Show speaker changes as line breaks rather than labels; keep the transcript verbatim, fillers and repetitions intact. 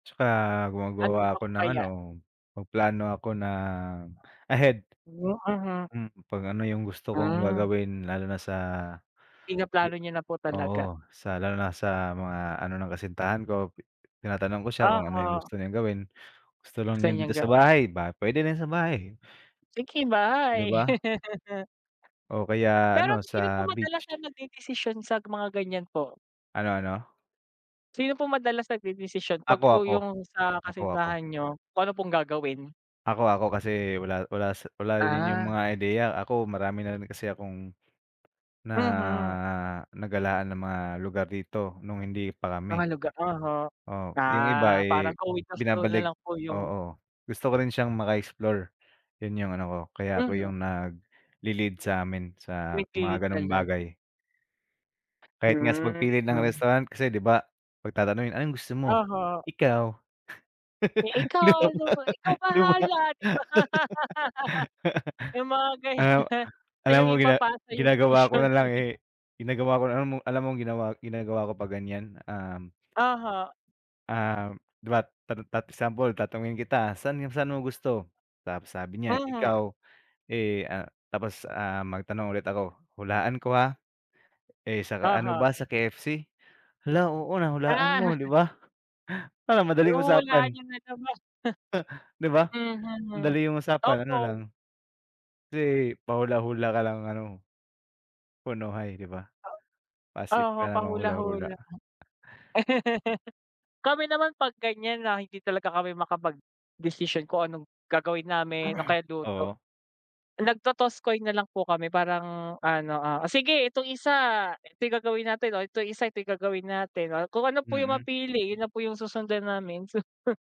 Tsaka gumagawa
Ano pa
ako ng
kaya?
ano, mag-plano ako na ahead.
Hmm, mhm.
Hmm, 'pag ano yung gusto kong
Hmm.
gagawin lalo na sa
Pinaplano niyo na po talaga?
oo, sa lalo na sa mga ano ng kasintahan ko. Tinatanong ko siya kung ano yung
Oo.
gusto niyang gawin gusto lang niya
San yun
dito sa
ga
bahay ba pwede na sa bahay.
Picky
Di
buy
ba? O kaya
Pero
ano,
sino po
sa
madalas na
beach.
nag-dedesisyon sa mga ganyan po?
Ano ano?
Sino po madalas nag-dedesisyon 'pag
Ako
po
ako.
yung sa
Ako ako.
kasintahan niyo kung ano pong gagawin?
Ako ako kasi, wala wala siy wala din yung
Ah.
mga ideya ako marami na rin kasi akong, na
Mhm.
nagalaan na mga lugar dito nung hindi pa
Mga
kami.
lugar oho.
Oo, yung iba
Ah, parang
eh,
go with the flow na
binabalik
lang po yung
oo, gusto ko rin siyang maka-explore. Yun yung ano ko, kaya ako
Mhm.
yung nag-lelead sa'min sa
[unintelligible]
mga ganong
talaga.
bagay. Kahit nga sa
Hmm
pag-pili ng
hmm.
restaurant kasi di ba pag-tatanungin anong gusto mo?
Oho.
Ikaw?
Eh, ikaw di ba, ikaw
Di ba?
bahala di ba. Yung mga
Ah,
ganyan.
alam
Ayun
mo gina
ipapasa yung
ginagawa ko
desisyon.
nalang eh, ginagawa ko na alam mo alam mong ginawa ginagawa ko pa ganyan um
Oho.
ah, diba tat tat example tatanungin kita saan saan mo gusto? Tapos sabi niya
Mhm.
ikaw, eh, ah, tapos ah, magtanong ulit ako, hulaan ko ha? Eh, sa ano
Oho.
ba sa K-F-C? Hala, oo, nahulaan
Ah.
mo, di ba? Para madaling
Oh, wala
usapan.
naman masama.
Di ba?
Mhm.
Andali yung usapan ano lang.
Oo.
Kasi pa-hula-hula ka lang ano. Punuhay di ba?
Oo
Pa-safe
oho
ka namang hula-hula.
pahula-hula. Kami naman pag ganyan na hindi talaga kami makapag-desisyon kung anong gagawin namin o kaya luto.
Oo.
Nag-totoss coin na lang po kami parang ano, ah, o sige itong isa ito gagawin natin, itong isa ito gagawin natin, o kung ano po yung
Mm.
mapili yun na po yung susundan namin.